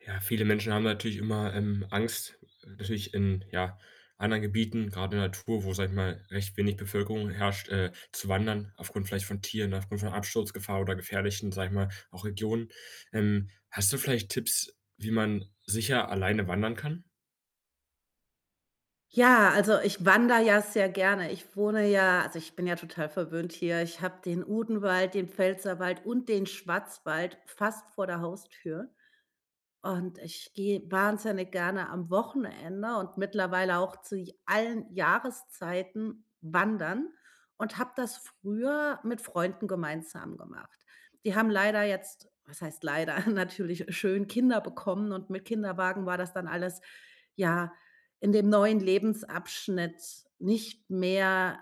Ja, viele Menschen haben natürlich immer, ähm, Angst, natürlich in, ja, anderen Gebieten, grad in der Natur, wo, sage ich mal, recht wenig Bevölkerung herrscht, äh, zu wandern aufgrund vielleicht von Tieren, aufgrund von Absturzgefahr oder gefährlichen, sage ich mal, auch Regionen. Ähm, hast du vielleicht Tipps, wie man sicher alleine wandern kann? Ja, also, ich wandere ja sehr gerne. Ich wohne ja also, ich bin ja total verwöhnt hier. Ich habe den Odenwald, den Pfälzerwald und den Schwarzwald fast vor der Haustür, und ich gehe wahnsinnig gerne am Wochenende und mittlerweile auch zu j allen Jahreszeiten wandern und habe das früher mit Freunden gemeinsam gemacht. Die haben leider jetzt- was heißt leider, natürlich schön- Kinder bekommen und mit Kinderwagen war das dann alles, ja, in dem neuen Lebensabschnitt nicht mehr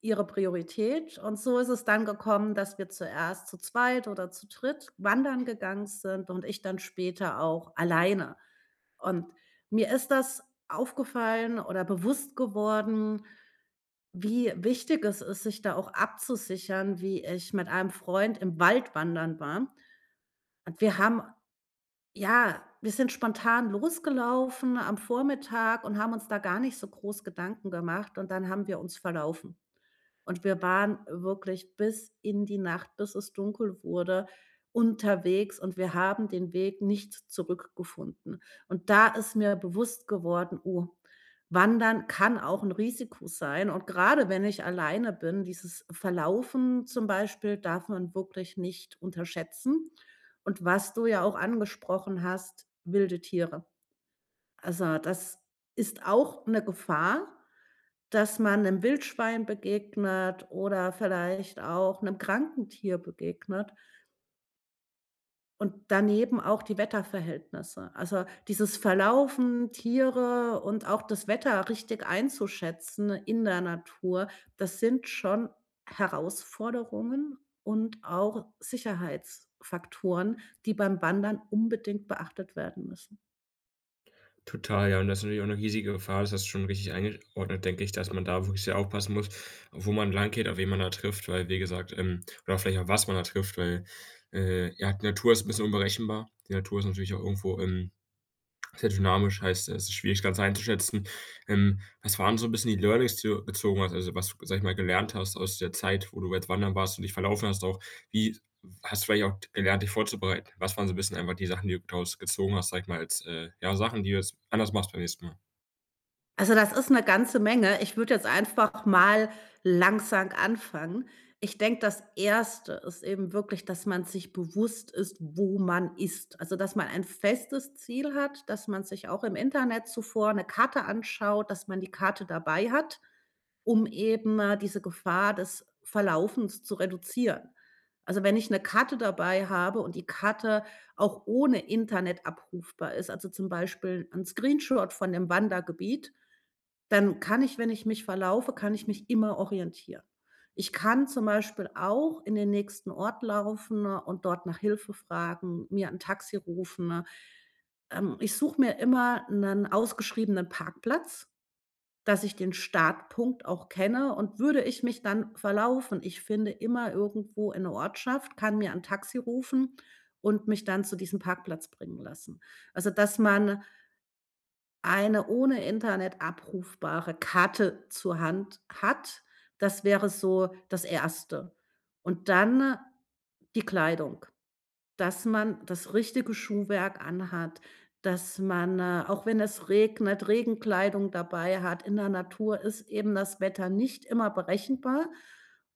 ihre Priorität. Und so ist es dann gekommen, dass wir zuerst zu zweit oder zu dritt wandern gegangen sind und ich dann später auch alleine. Und mir ist das aufgefallen oder bewusst geworden, wie wichtig es ist, sich da auch abzusichern, wie ich mit einem Freund im Wald wandern war. Und wir haben ja, wir sind spontan losgelaufen am Vormittag und haben uns da gar nicht so groß Gedanken gemacht, und dann haben wir uns verlaufen. Und wir waren wirklich bis in die Nacht, bis es dunkel wurde, unterwegs, und wir haben den Weg nicht zurückgefunden. Und da ist mir bewusst geworden: „Oh, Wandern kann auch 'n Risiko sein.“ Und grade, wenn ich alleine bin dieses Verlaufen zum Beispiel darf man wirklich nicht unterschätzen. Und was du ja auch angesprochen hast, wilde Tiere. Also, das ist auch 'ne Gefahr, dass man 'nem Wildschwein begegnet oder vielleicht auch 'nem kranken Tier begegnet. Und daneben auch die Wetterverhältnisse. Also, dieses Verlaufen, Tiere und auch das Wetter richtig einzuschätzen in der Natur, das sind schon Herausforderungen und auch Sicherheitsfaktoren, die beim Wandern unbedingt beachtet werden müssen. Total, ja, und das ist natürlich auch 'ne riesige Gefahr, das hast du schon richtig eingesch ordnet, denke ich, dass man da wirklich sehr aufpassen muss, wo man langgeht, auf wen man da trifft, weil wie gesagt, ähm oder vielleicht auch was man da trifft, weil, äh, ja, die Natur ist 'n bisschen unberechenbar. Die Natur ist natürlich auch irgendwo, ähm, sehr dynamisch, heißt, es ist schwierig, das Ganze einzuschätzen. Ähm, was waren so bisschen die Learnings, die du bezogen hast, also, was du g sage ich mal, gelernt hast aus der Zeit, wo du jetzt wandern warst und dich verlaufen hast, auch? Wie hast du vielleicht auch gelernt, dich vorzubereiten? Was waren so 'n bisschen einfach die Sachen, die du daraus gezogen hast, sage ich mal, als, äh, ja, Sachen, die du jetzt anders machst beim nächsten Mal? Also, das ist 'ne ganze Menge. Ich würde jetzt einfach mal langsam anfangen. Ich denke, das 1. ist eben wirklich, dass man sich bewusst ist, wo man ist. Also dass man ein festes Ziel hat, dass man sich auch im Internet zuvor 'ne Karte anschaut, dass man die Karte dabei hat, um eben, äh, diese Gefahr des Verlaufens zu reduzieren. Also, wenn ich 'ne Karte dabei habe und die Karte auch ohne Internet abrufbar ist, also, zum Beispiel 'n Screenshot von dem Wandergebiet, dann kann ich, wenn ich mich verlaufe kann ich mich immer orientieren. Ich kann zum Beispiel auch in den nächsten Ort laufen und dort nach Hilfe fragen, mir 'n Taxi rufen. Ähm, ich suche mir immer 'nen ausgeschriebenen Parkplatz, dass ich den Startpunkt auch kenne. Und würde ich mich dann verlaufen, ich finde immer irgendwo in 'ne Ortschaft, kann mir 'n Taxi rufen und mich dann zu diesem Parkplatz bringen lassen. Also, dass man eine ohne Internet abrufbare Karte zur Hand hat, das wäre so das 1. Und dann die Kleidung, dass man das richtige Schuhwerk anhat, dass man, äh, auch wenn es regnet, Regenkleidung dabei hat. In der Natur ist eben das Wetter nicht immer berechenbar.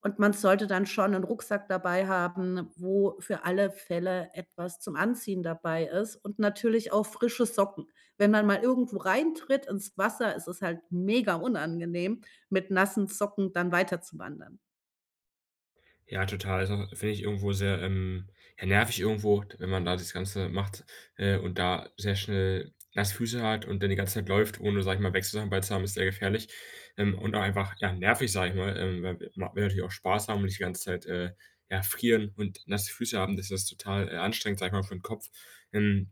Und man sollte dann schon 'n Rucksack dabei haben, wo für alle Fälle etwas zum Anziehen dabei ist und natürlich auch frische Socken. Wenn man mal irgendwo reintritt ins Wasser, ist es halt mega unangenehm, mit nassen Socken dann weiterzuwandern. Ja, total. Also, finde ich irgendwo sehr, ähm, ja, nervig irgendwo, wenn man da das Ganze macht, äh, und da sehr schnell nasse Füße hat und dann die ganze Zeit läuft, ohne, sage ich mal, Wechselsachen bei zu haben, ist sehr gefährlich. Ähm, und auch einfach, ja, nervig, sage ich mal, ähm, weil man will natürlich auch Spaß haben und nicht die ganze Zeit, äh, erfrieren und nasse Füße haben, das ist total, äh, anstrengend, sage ich mal, für' n Kopf. Hm,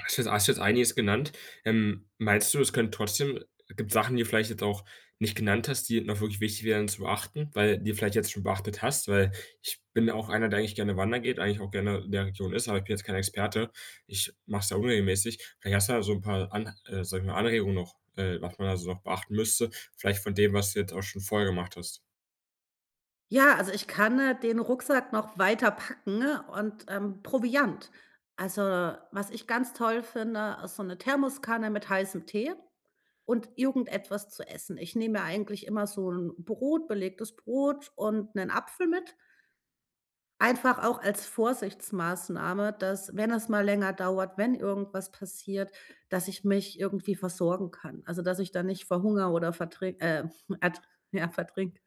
hast du jetzt hast jetzt einiges genannt. Ähm, meinst du, es können trotzdem gibt Sachen, die vielleicht jetzt auch nicht genannt hast, die noch wirklich wichtig wären zu beachten, weil die vielleicht jetzt schon beachtet hast? Weil, ich bin auch einer, der eigentlich gerne wandert geht, eigentlich auch gerne in der Region ist, aber ich bin jetzt kein Experte. Ich mache es ja unregelmäßig. Vielleicht hast da so 'n paar An äh, sage ich mal, Anregungen noch, äh, was man da so noch beachten müsste, vielleicht von dem, was du jetzt auch schon vorher gemacht hast. Ja, also, ich kann, äh, den Rucksack noch weiterpacken und, ähm Proviant. Also, was ich ganz toll finde, ist so 'ne Thermoskanne mit heißem Tee und irgendetwas zu essen. Ich nehme mir eigentlich immer so 'n Brot belegtes Brot und 'nen Apfel mit einfach auch als Vorsichtsmaßnahme, dass, wenn es mal länger dauert, wenn irgendwas passiert, dass ich mich irgendwie versorgen kann. Also, dass ich da nicht verhungere oder vertri äh, ert ja, vertrinke.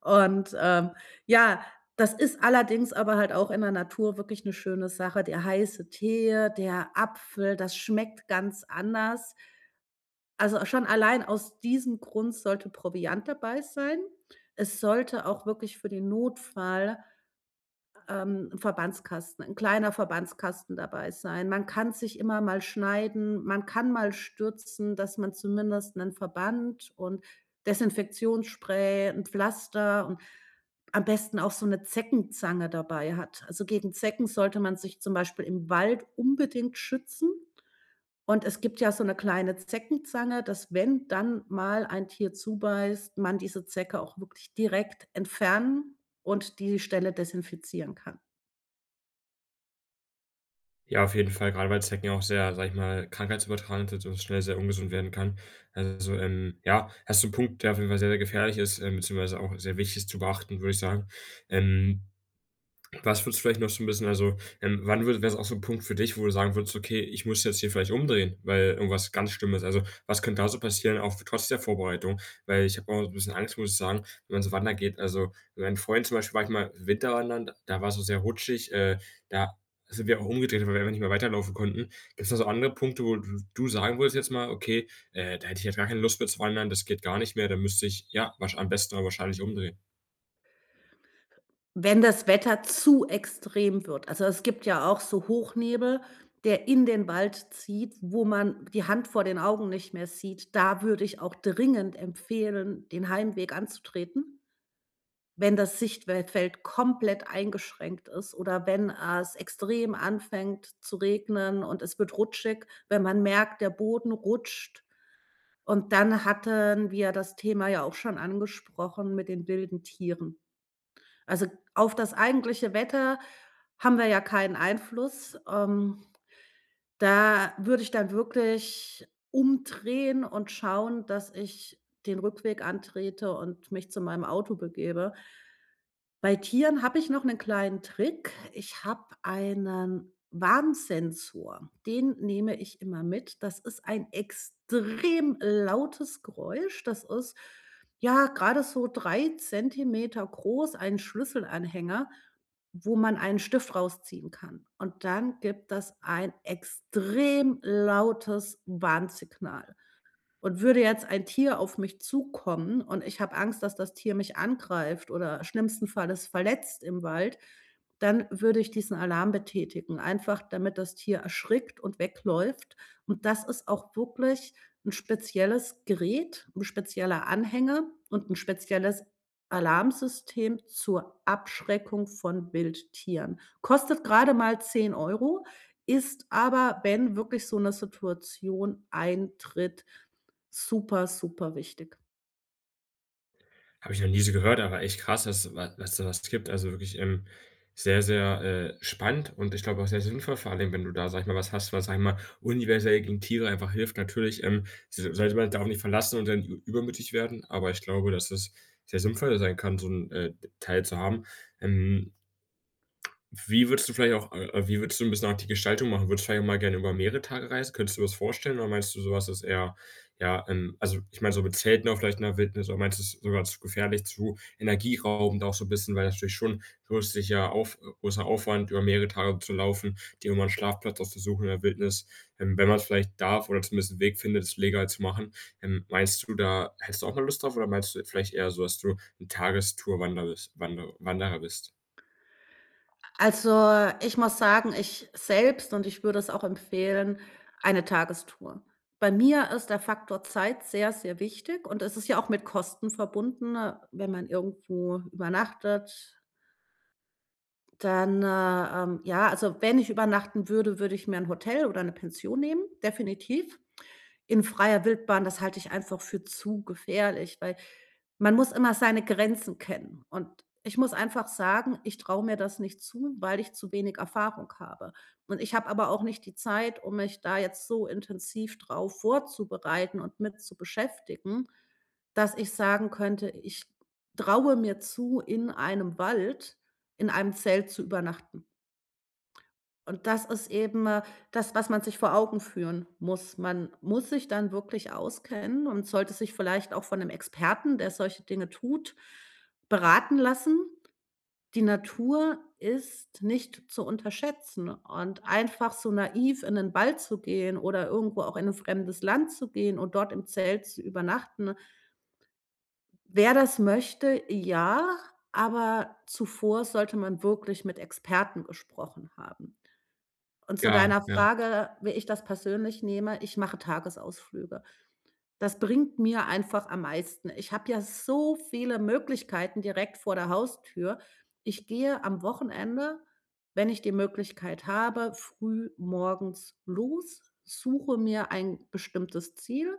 Und, ähm, ja, das ist allerdings aber halt auch in der Natur wirklich 'ne schöne Sache. Der heiße Tee, der Apfel, das schmeckt ganz anders. Also, schon allein aus diesem Grund sollte Proviant dabei sein. Es sollte auch wirklich für den Notfall, ähm, 'n Verbandskasten 'n kleiner Verbandskasten dabei sein. Man kann sich immer mal schneiden, man kann mal stürzen, dass man zumindest 'nen Verband und Desinfektionsspray, 'n Pflaster und am besten auch so 'ne Zeckenzange dabei hat. Also, gegen Zecken sollte man sich zum Beispiel im Wald unbedingt schützen und es gibt ja so 'ne kleine Zeckenzange, dass wenn dann mal ein Tier zubeißt, man diese Zecke auch wirklich direkt entfernen und die Stelle desinfizieren kann. Ja, auf jeden Fall, grade weil Zecken ja auch sehr, sage ich mal, krankheitsübertragend sind und das schnell sehr ungesund werden kann. Also, ähm, ja, hast du 'n Punkt, der auf jeden Fall sehr, sehr gefährlich ist, ähm, beziehungsweise auch sehr wichtig ist zu beachten, würde ich sagen. Ähm, was würdest du vielleicht noch so 'n bisschen also, ähm, wann würde wäre es auch so 'n Punkt für dich, wo du sagen würdest: „Okay, ich muss jetzt hier vielleicht umdrehen, weil irgendwas ganz Schlimmes "also, was könnte da so passieren, auch trotz der Vorbereitung? Weil ich habe auch so 'n bisschen Angst, muss ich sagen, wenn man so wandern geht. Also, mit meinem Freund zum Beispiel war ich mal Winterwandern, da war es so sehr rutschig, äh, da sind wir auch umgedreht, weil wir einfach nicht mehr weiterlaufen konnten. Gibt's da so andere Punkte, wo du du sagen würdest jetzt mal: „Okay, äh, da hätte ich jetzt gar keine Lust mitzuwandern, das geht gar nicht mehr. Da müsste ich, ja, wahrsch am besten aber wahrscheinlich umdrehen.“ Wenn das Wetter zu extrem wird, also es gibt ja auch so Hochnebel, der in den Wald zieht, wo man die Hand vor den Augen nicht mehr sieht, da würde ich auch dringend empfehlen, den Heimweg anzutreten. Wenn das Sichtwel Feld komplett eingeschränkt ist oder wenn es extrem anfängt zu regnen und es wird rutschig, wenn man merkt, der Boden rutscht. Und dann hatten wir das Thema ja auch schon angesprochen mit den wilden Tieren. Also, auf das eigentliche Wetter haben wir ja keinen Einfluss. Ähm, da würde ich dann wirklich umdrehen und schauen, dass ich den Rückweg antrete und mich zu meinem Auto begebe. Bei Tieren habe ich noch 'nen kleinen Trick, ich habe einen Warnsensor, den nehme ich immer mit. Das ist ein extrem lautes Geräusch, das ist, ja, grade so 3 Zentimeter groß, einen Schlüsselanhänger, wo man einen Stift rausziehen kann. Und dann gibt das ein extrem lautes Warnsignal. Und würde jetzt ein Tier auf mich zukommen und ich habe Angst, dass das Tier mich angreift oder schlimmsten Falles verletzt im Wald, dann würde ich diesen Alarm betätigen, einfach damit das Tier erschrickt und wegläuft. Und das ist auch wirklich 'n spezielles Gerät, 'n spezieller Anhänger und 'n spezielles Alarmsystem zur Abschreckung von Wildtieren. Kostet grade mal 10 €, ist aber, wenn wirklich so 'ne Situation eintritt, super, super wichtig. Habe ich noch nie so gehört, aber echt krass, dass wa das es sowas gibt. Also, wirklich, ähm, sehr, sehr, äh, spannend und ich glaube auch sehr sinnvoll vor allen Dingen, wenn du da, sage ich mal, was hast, was, sage ich mal, universell gegen Tiere einfach hilft. Natürlich, ähm, sa sage ich mal, darauf nicht verlassen und dann ü übermütig werden, aber ich glaube, dass es sehr sinnvoll sein kann, so 'n, äh, Teil zu haben. Ähm, wie würdest du vielleicht auch, äh wie würdest du 'n bisschen auch die Gestaltung machen? Würdest du vielleicht auch mal gerne über mehrere Tage reisen? Könntest du dir das vorstellen oder meinst du, so was ist eher, ja, ähm also, ich meine, so mit Zelten auch vielleicht in der Wildnis, oder meinst du es ist sogar zu gefährlich, zu energieraubend auch so bisschen, weil das natürlich schon zusätzlicher auf großer Aufwand über mehrere Tage zu laufen, dir immer 'n Schlafplatz auszusuchen in der Wildnis, ähm, wenn man's vielleicht darf oder zumindest 'n Weg findet, das legal zu machen. Ähm, meinst du da hättest du auch mal Lust drauf, oder meinst du vielleicht eher so, dass du 'n Tagestour Wander bist Wander Wanderer bist? Also, ich muss sagen, ich selbst, und ich würde es auch empfehlen eine Tagestour. Bei mir ist der Faktor Zeit sehr, sehr wichtig, und es ist ja auch mit Kosten verbunden, wenn man irgendwo übernachtet. Dann, äh, ähm ja, also, wenn ich übernachten würde, würde ich mir 'n Hotel oder 'ne Pension nehmen, definitiv. In freier Wildbahn, das halte ich einfach für zu gefährlich, weil man muss immer seine Grenzen kennen. Und ich muss einfach sagen, ich traue mir das nicht zu, weil ich zu wenig Erfahrung habe. Und ich habe aber auch nicht die Zeit, um mich da jetzt so intensiv drauf vorzubereiten und mit zu beschäftigen, dass ich sagen könnte: „Ich traue mir zu, in einem Wald, in einem Zelt zu übernachten.“ Und das ist eben, äh, das, was man sich vor Augen führen muss. Man muss sich dann wirklich auskennen und sollte sich vielleicht auch von 'nem Experten, der solche Dinge tut, beraten lassen. Die Natur ist nicht zu unterschätzen, und einfach so naiv in den Wald zu gehen oder irgendwo auch in 'n fremdes Land zu gehen und dort im Zelt zu übernachten wer das möchte, ja, aber zuvor sollte man wirklich mit Experten gesprochen haben. Und zu Ja, deiner ja. Frage, wie ich das persönlich nehme, ich mache Tagesausflüge. Das bringt mir einfach am meisten. Ich habe ja so viele Möglichkeiten direkt vor der Haustür. Ich gehe am Wochenende, wenn ich die Möglichkeit habe, früh morgens los, suche mir ein bestimmtes Ziel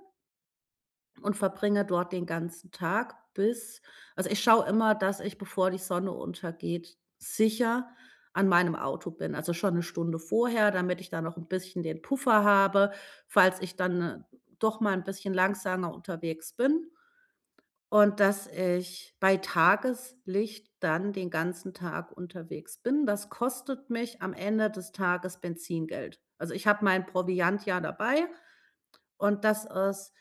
und verbringe dort den ganzen Tag bis also, ich schaue immer, dass ich bevor die Sonne untergeht sicher an meinem Auto bin. Also, schon 'ne Stunde vorher, damit ich da noch 'n bisschen den Puffer habe, falls ich dann doch mal 'n bisschen langsamer unterwegs bin. Und dass ich bei Tageslicht dann den ganzen Tag unterwegs bin, das kostet mich am Ende des Tages Benzingeld. Also, ich habe meinen Proviant ja dabei und das ist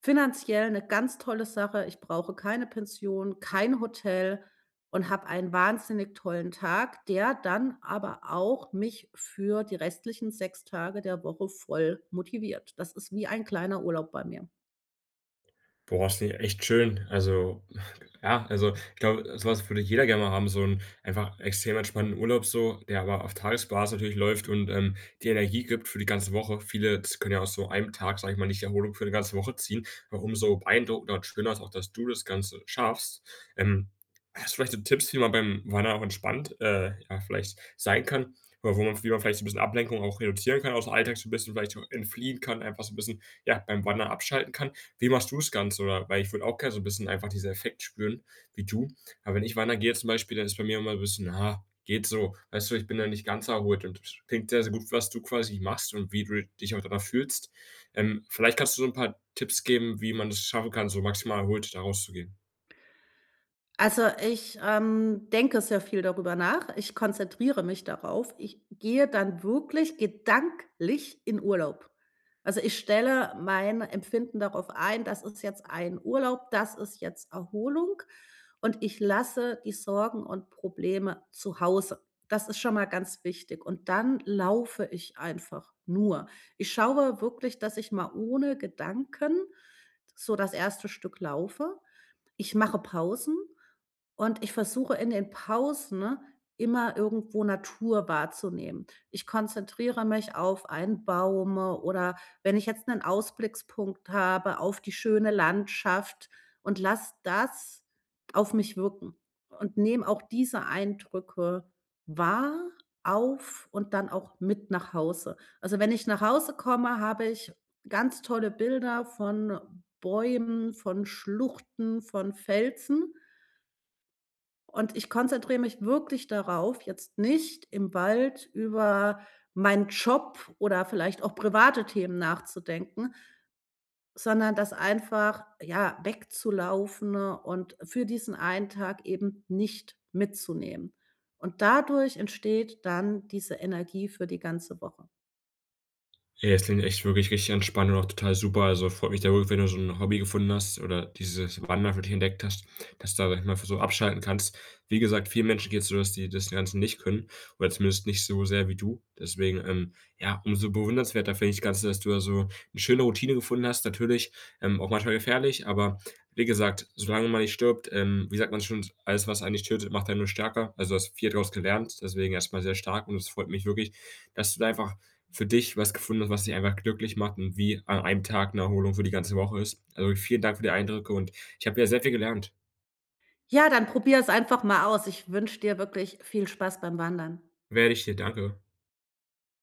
finanziell 'ne ganz tolle Sache. Ich brauche keine Pension, kein Hotel und habe einen wahnsinnig tollen Tag, der dann aber auch mich für die restlichen 6 Tage der Woche voll motiviert. Das ist wie ein kleiner Urlaub bei mir. Boah, das finde ich echt schön. Also, ja also, ich glaube, so was würde jeder gerne mal haben, so 'n einfach extrem entspannenden Urlaub so, der aber auf Tagesbasis natürlich läuft und, ähm, dir Energie gibt für die ganze Woche. Viele z jetzt können ja aus so einem Tag, sage ich mal, nicht Erholung für 'ne ganze Woche ziehen, ja, umso so beeindruckender und schöner ist auch, dass du das Ganze schaffst. Ähm, hast du vielleicht so Tipps, wie man beim Wandern auch entspannt, äh, ja, vielleicht sein kann? Oder wo man wie man vielleicht so 'n bisschen Ablenkung auch reduzieren kann, ausm Alltag so 'n bisschen vielleicht so entfliehen kann einfach so 'n bisschen, ja, beim Wandern abschalten kann. Wie machst du's Ganze, oder weil ich würde auch gerne so 'n bisschen einfach dieser Effekt spüren wie du. Aber wenn ich wandern gehe jetzt zum Beispiel, dann ist bei mir immer 'n bisschen: „Ha, geht so.“ Weißt du, ich bin da nicht ganz erholt und k klingt sehr, sehr gut, was du quasi machst und wie du dich auch danach fühlst. Ähm, vielleicht kannst du so 'n paar Tipps geben, wie man es schaffen kann, so maximal erholt da rauszugehen. Also, ich, ähm, denke sehr viel darüber nach. Ich konzentriere mich darauf. Ich gehe dann wirklich gedanklich in Urlaub. Also, ich stelle mein Empfinden darauf ein, das ist jetzt ein Urlaub, das ist jetzt Erholung und ich lasse die Sorgen und Probleme zu Hause. Das ist schon mal ganz wichtig, und dann laufe ich einfach nur. Ich schaue wirklich, dass ich mal ohne Gedanken so das 1. Stück laufe. Ich mache Pausen, und ich versuche in den Pausen immer irgendwo Natur wahrzunehmen. Ich konzentriere mich auf einen Baum, oder wenn ich jetzt 'nen Ausblickspunkt habe auf die schöne Landschaft und lasse das auf mich wirken und nehme auch diese Eindrücke wahr, auf und dann auch mit nach Hause. Also, wenn ich nach Hause komme, habe ich ganz tolle Bilder von Bäumen, von Schluchten, von Felsen. Und ich konzentriere mich wirklich darauf, jetzt nicht im Wald über meinen Job oder vielleicht auch private Themen nachzudenken sondern das einfach, ja, wegzulaufen und für diesen einen Tag eben nicht mitzunehmen. Und dadurch entsteht dann diese Energie für die ganze Woche. Ja, das klingt echt wirklich richtig entspannt und auch total super. Also, freut mich da wirklich, wenn du so 'n Hobby gefunden hast oder dieses Wandern für dich entdeckt hast, dass du dadurch einfach so abschalten kannst. Wie gesagt, vielen Menschen geht's so, dass die das Ganze nicht können oder zumindest nicht so sehr wie du. Deswegen, ähm, ja, umso bewundernswerter finde ich das Ganze, dass du da so 'ne schöne Routine gefunden hast. Natürlich, ähm, auch manchmal gefährlich, aber wie gesagt, solange man nicht stirbt, ähm, wie sagt man schön: „Alles, was einen nicht tötet, macht einen nur stärker.“ Also, du hast viel draus gelernt, deswegen erst mal sehr stark, und es freut mich wirklich, dass du da einfach für dich was gefunden hast, was dich einfach glücklich macht und wie an einem Tag 'ne Erholung für die ganze Woche ist. Also, vielen Dank für die Eindrücke, und ich habe wieder sehr viel gelernt. Ja, dann probier es einfach mal aus. Ich wünsche dir wirklich viel Spaß beim Wandern. Werde ich dir, danke.